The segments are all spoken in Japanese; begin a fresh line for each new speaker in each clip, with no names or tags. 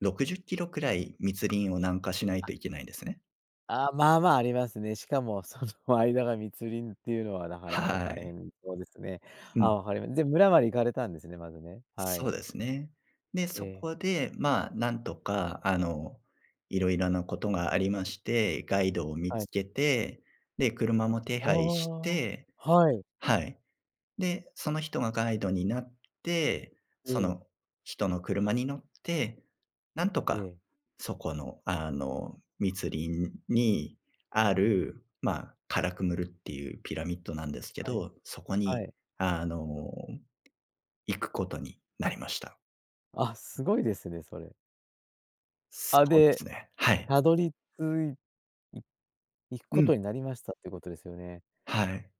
60キロくらい、密林を南下しない
あ。
といけないんですね。
あ、まあまあ、ありますね。しかも、その間が密林っていうのは、なかなか
は
大
い。
変そうですね。
うん。
あ、わかりまで、村まで行かれたんですね、まずね。は
そ
い。
うですね。で、
え
そ
え。
こでまあ、何とかあの、色々なことがありまして。ガイドを見
は
つ
い。
けて、で、車も手配し
ああ。
て
はい。
はい。で、その人がガイドになって、
え
そ
え。
の人の車に乗って、なんと
え
か
え。
そこの、あの、密林にある、まあ、Calakmul っていうピラミッドなんですけ
はい。
ど、そこ
は
に
い。
あの、行くことになりました。
あ、すごいですね、それ。
そ
あ、
うで
で、
すね。はい。
たどり着いい行く
う
こ
ん。
とになりました、ってことですよね。
はい。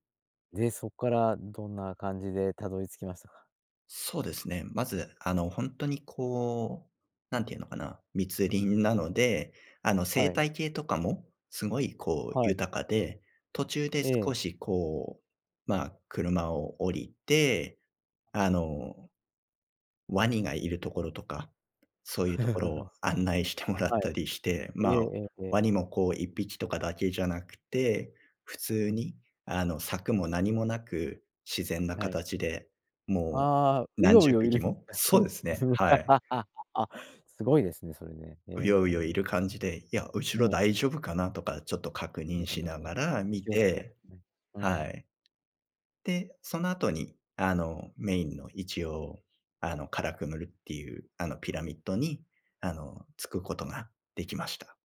で、そっから、どんな感じでたどり着きましたか？
そうですね。まず、あの、ほんとにこう、何て言うのかな。密林なので、あの、生
はい。
態系とかも、すごいこう、
はい。
豊かで。途中で
ええ。
少し、こう、まあ、車を降りて、
は
あ
い。
の、ワニがいるところとか、そういうところ を案内してもらっ
はい。
たりして。
ええ
まあ、
ええええ。
ワニもこう1匹とかだけじゃなくて、普
う
通に、
ん。
あの、柵も何もなく、自然な
はい。
形で、も
ああ、
う
ウ
何
ヨウ
十
ヨいる
匹
ん
も
だし
そ
ょ。
うです
[unintelligible]
ね。はい。
あ、すごいですね、それね。へ
ウヨウヨ
え。
いる感じで「いや、後ろ
ねえ。
大丈夫かな」とか、ちょっと確
や
認し
だ
な
な、
がら見
気をつけ [unintelligible]
て
ね。う
は
ん。
い。で、その後に、あの、メインの、一応、あの、Calakmul っていう、あの、ピラミッドに、あの、着くことができました。